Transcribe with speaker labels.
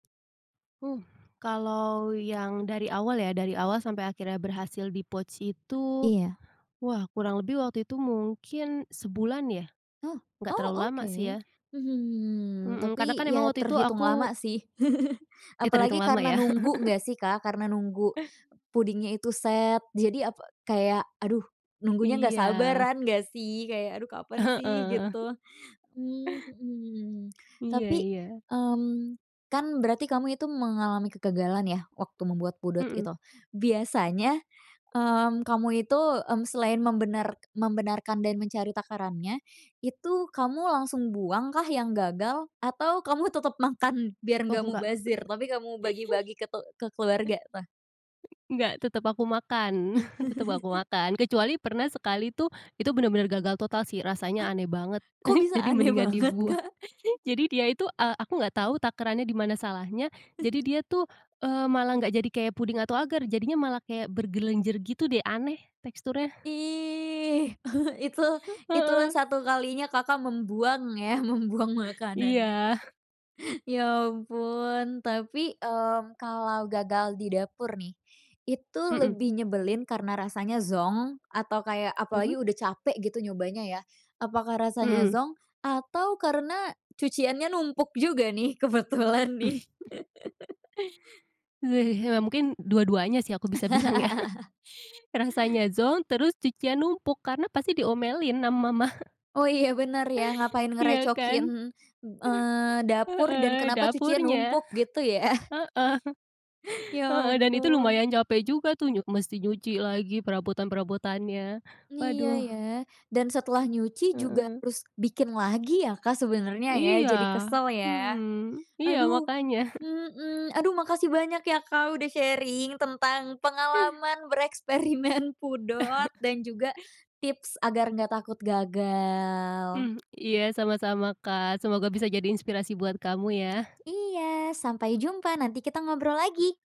Speaker 1: Uh, kalau yang dari awal ya, dari awal sampai akhirnya berhasil di-pouch itu,
Speaker 2: Iya.
Speaker 1: wah kurang lebih waktu itu mungkin sebulan ya.
Speaker 2: Oh?
Speaker 1: Nggak
Speaker 2: Oh,
Speaker 1: terlalu lama sih
Speaker 2: oke.
Speaker 1: ya.
Speaker 2: Hmm,
Speaker 1: Mhm, karena
Speaker 2: tapi
Speaker 1: kan emang
Speaker 2: ya
Speaker 1: waktu itu
Speaker 2: terhitung
Speaker 1: aku
Speaker 2: lama sih.
Speaker 1: Ih,
Speaker 2: Apalagi
Speaker 1: terhitung lama
Speaker 2: karena
Speaker 1: ya?
Speaker 2: nunggu nggak sih, Kak, karena nunggu pudingnya itu set, jadi apa, kayak aduh nunggunya nggak
Speaker 1: Iya.
Speaker 2: sabaran nggak sih, kayak, "Aduh kapan sih?"
Speaker 1: Heeh.
Speaker 2: Gitu. Mmm, mhm.
Speaker 1: Iya
Speaker 2: Tapi,
Speaker 1: iya.
Speaker 2: mmm, kan berarti kamu itu mengalami kegagalan ya waktu membuat pudot
Speaker 1: Mhm.
Speaker 2: itu. Biasanya mmm, kamu itu, mmm, selain membenar membenarkan dan mencari takarannya, itu kamu langsung buangkah yang gagal? Atau kamu tetep makan biar
Speaker 1: Oh,
Speaker 2: nggak
Speaker 1: enggak.
Speaker 2: mubazir, tapi kamu bagi-bagi ke te ke keluarga tuh?
Speaker 1: Nggak, tetep aku makan, tetep aku makan. Kecuali pernah sekali tuh, itu bener-bener gagal total sih rasanya
Speaker 2: Ah?
Speaker 1: aneh banget.
Speaker 2: Kok bisa
Speaker 1: Jadi
Speaker 2: aneh
Speaker 1: mendingan
Speaker 2: banget,
Speaker 1: dibuang.
Speaker 2: Kak?
Speaker 1: Jadi dia itu eee, aku nggak tahu takarannya di mana salahnya. Jadi dia tuh, eee, malah nggak jadi kayak puding atau ager, jadinya malah kayak bergelenjer gitu deh aneh teksturnya.
Speaker 2: Ih! Itu, itulah
Speaker 1: Heeh.
Speaker 2: satu kalinya Kakak membuang ya, membuang makanannya.
Speaker 1: Iya.
Speaker 2: Ya ampun. Tapi mmm, kalau gagal di dapur nih, itu
Speaker 1: Mhm.
Speaker 2: lebih nyebelin karena rasanya zonk atau kayak
Speaker 1: Mhm.
Speaker 2: apalagi udah capek gitu nyobanya ya, apakah rasanya
Speaker 1: Mhm.
Speaker 2: zonk atau karena cuciannya numpuk juga nih kebetulan nih?
Speaker 1: Ya mungkin dua-duanya sih aku bisa bilang ya rasanya zonk terus cucian numpuk karena pasti diomelin sama mama.
Speaker 2: Oh, iya bener ya, ngapain
Speaker 1: Iya kan?
Speaker 2: ngerecokin, eee, dapur dan
Speaker 1: Heeh,
Speaker 2: kenapa cucian
Speaker 1: dapurnya.
Speaker 2: numpuk gitu ya?
Speaker 1: Heeh.
Speaker 2: Ya
Speaker 1: Heeh, dan itu
Speaker 2: ampun.
Speaker 1: lumayan capek juga tuh nyu mesti nyuci lagi perabotan-perabotannya.
Speaker 2: Iya
Speaker 1: Waduh.
Speaker 2: ya. Dan setelah nyuci juga
Speaker 1: Heeh.
Speaker 2: harus bikin lagi ya, Kak, sebenarnya ya,
Speaker 1: Iya.
Speaker 2: jadi kesel ya.
Speaker 1: Hmm, iya
Speaker 2: Aduh!
Speaker 1: makanya.
Speaker 2: Mhm. Aduh makasih banyak ya, Kak, udah sharing tentang pengalaman bereksperimen pudot dan juga tips agar enggak takut gagal.
Speaker 1: Hmm, iya sama-sama, Kak. Semoga bisa jadi inspirasi buat kamu ya!
Speaker 2: Iya sampai jumpa, nanti kita ngobrol lagi.